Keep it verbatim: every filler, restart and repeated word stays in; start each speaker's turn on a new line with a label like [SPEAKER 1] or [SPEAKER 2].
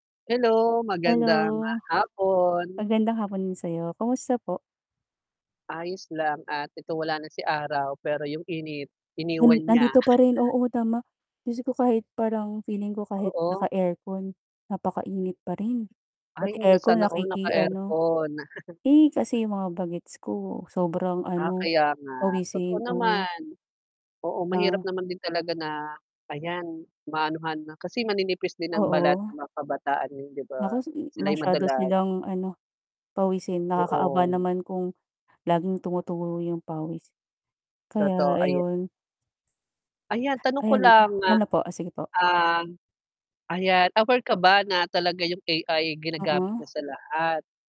[SPEAKER 1] Hello, magandang, ah,
[SPEAKER 2] Hello.
[SPEAKER 1] hapon.
[SPEAKER 2] Magandang hapon din sayo, kumusta po?
[SPEAKER 1] Ayos lang at ito wala na si araw, pero yung init iniwan
[SPEAKER 2] Hmm,
[SPEAKER 1] niya.
[SPEAKER 2] nandito pa rin, oo, tama. Diyos ko, kahit parang feeling ko kahit
[SPEAKER 1] Oo.
[SPEAKER 2] naka-aircon, napakainit pa rin.
[SPEAKER 1] Ay,
[SPEAKER 2] Pati
[SPEAKER 1] na
[SPEAKER 2] aircon
[SPEAKER 1] sana all naka
[SPEAKER 2] nakiki ano.
[SPEAKER 1] aircon.
[SPEAKER 2] Eh, kasi yung mga bagets ko sobrang
[SPEAKER 1] Ah,
[SPEAKER 2] ano,
[SPEAKER 1] kaya nga. Totoo
[SPEAKER 2] pawisin. Oo.
[SPEAKER 1] naman. Oo, mahirap
[SPEAKER 2] Ah.
[SPEAKER 1] naman din talaga na ayan, maanuhan na kasi maninipis din ang balat
[SPEAKER 2] Oo.
[SPEAKER 1] ng mga kabataan ngayon 'di ba,
[SPEAKER 2] Nako, sigi.
[SPEAKER 1] sila'y
[SPEAKER 2] Masyado
[SPEAKER 1] madalas
[SPEAKER 2] silang ano, pawisin nakakaawa
[SPEAKER 1] Oo.
[SPEAKER 2] naman kung laging tumutulo yung pawis,
[SPEAKER 1] Totoo
[SPEAKER 2] kaya
[SPEAKER 1] aya
[SPEAKER 2] ayun.
[SPEAKER 1] Ayan tanong ko
[SPEAKER 2] Ayan.
[SPEAKER 1] lang, ah,
[SPEAKER 2] Ano po, sige po.
[SPEAKER 1] ah, ayan aware ka ba na talaga yung A-I ginagamit na
[SPEAKER 2] Oo.
[SPEAKER 1] sa lahat?